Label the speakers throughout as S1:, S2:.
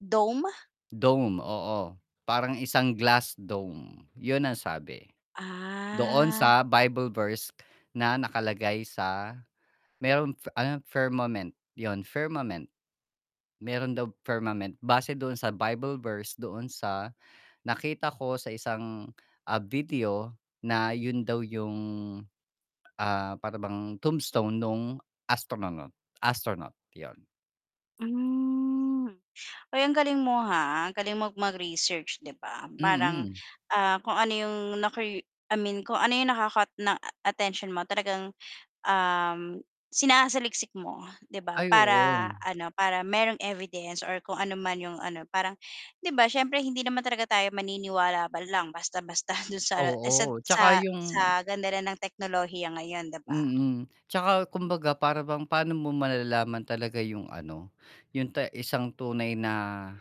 S1: Dome?
S2: Dome, oo, parang isang glass dome yun ang sabi, doon
S1: Ah.
S2: sa Bible verse na nakalagay sa merong fa ano yun, firmament. 'Yon, firmament. Meron daw firmament base doon sa Bible verse, doon sa nakita ko sa isang, ah, video na yun daw yung, ah, para bang tombstone nung astronaut, astronaut 'yon.
S1: Hmm. Ay, ang galing mo ha, ang galing mong mag-research 'di ba. Parang,
S2: Mm.
S1: ah, kung ano 'yong nacur I mean kung ano 'yong naka-caught ng attention mo talagang, um, sinasaliksik mo 'di ba,
S2: Ay
S1: para
S2: oo.
S1: ano, para merong evidence or kung ano man yung ano. Parang 'di ba siyempre hindi naman talaga tayo maniniwala lang basta-basta dun sa ano, sa
S2: Oo,
S1: sa
S2: tsaka
S1: sa
S2: yung
S1: ganda rin ng teknolohiya ngayon 'di ba.
S2: mm, 'tsaka kumbaga para bang pa'no mo malalaman talaga yung ano, yung ta isang tunay na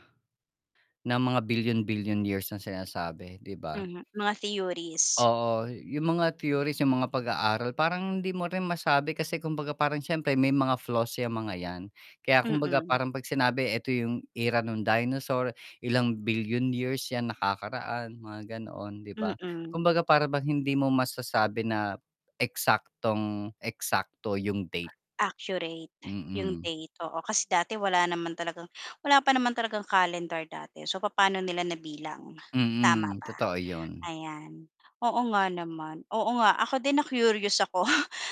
S2: na mga bilyon-bilyon years na sinasabi 'di ba?
S1: Mhm, mga theories.
S2: Oo, yung mga theories, yung mga pag-aaral parang hindi mo rin masabi kasi kumbaga parang siyempre may mga flaws 'yang mga 'yan. Kaya kumbaga
S1: Mm.
S2: parang 'pag sinabi eto yung era nung dinosaur, ilang bilyon years 'yan nakakaraan mga ganoon 'di ba?
S1: Mm.
S2: Kumbaga para bang hindi mo masasabi na eksaktong-eksakto yung date.
S1: Accurate yung
S2: Mm.
S1: date, oo, kasi dati wala naman talagang wala pa naman talagang calendar dati so, papaano nila nabilang, tama
S2: Mm,
S1: ba?
S2: totoo yun.
S1: Ayan, oo nga naman, oo nga ako din na-curious ako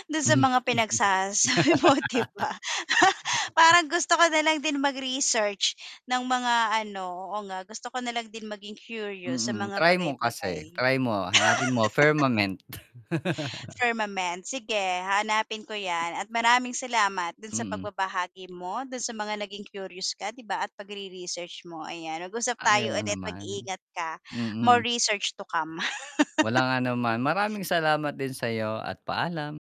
S1: dun sa mga pinagsasabi mo 'di ba. Parang gusto ko nalang din mag-research ng mga ano, oo nga gusto ko nalang din maging curious sa
S2: Mm,
S1: mga
S2: try mo kasi,
S1: bagay-bagay.
S2: try mo hanapin mo firmament.
S1: Firmament, sige hahanapin ko 'yan at maraming salamat dun sa
S2: Mm.
S1: pagbabahagi mo, dun sa mga naging curious ka 'di ba at pagre-research mo, ayan. Mag-usap
S2: Ay,
S1: tayo
S2: oo
S1: ulit,
S2: naman.
S1: mag-iingat ka. More
S2: Mm.
S1: research to come.
S2: Walang anuman, maraming salamat din sayo at paalam.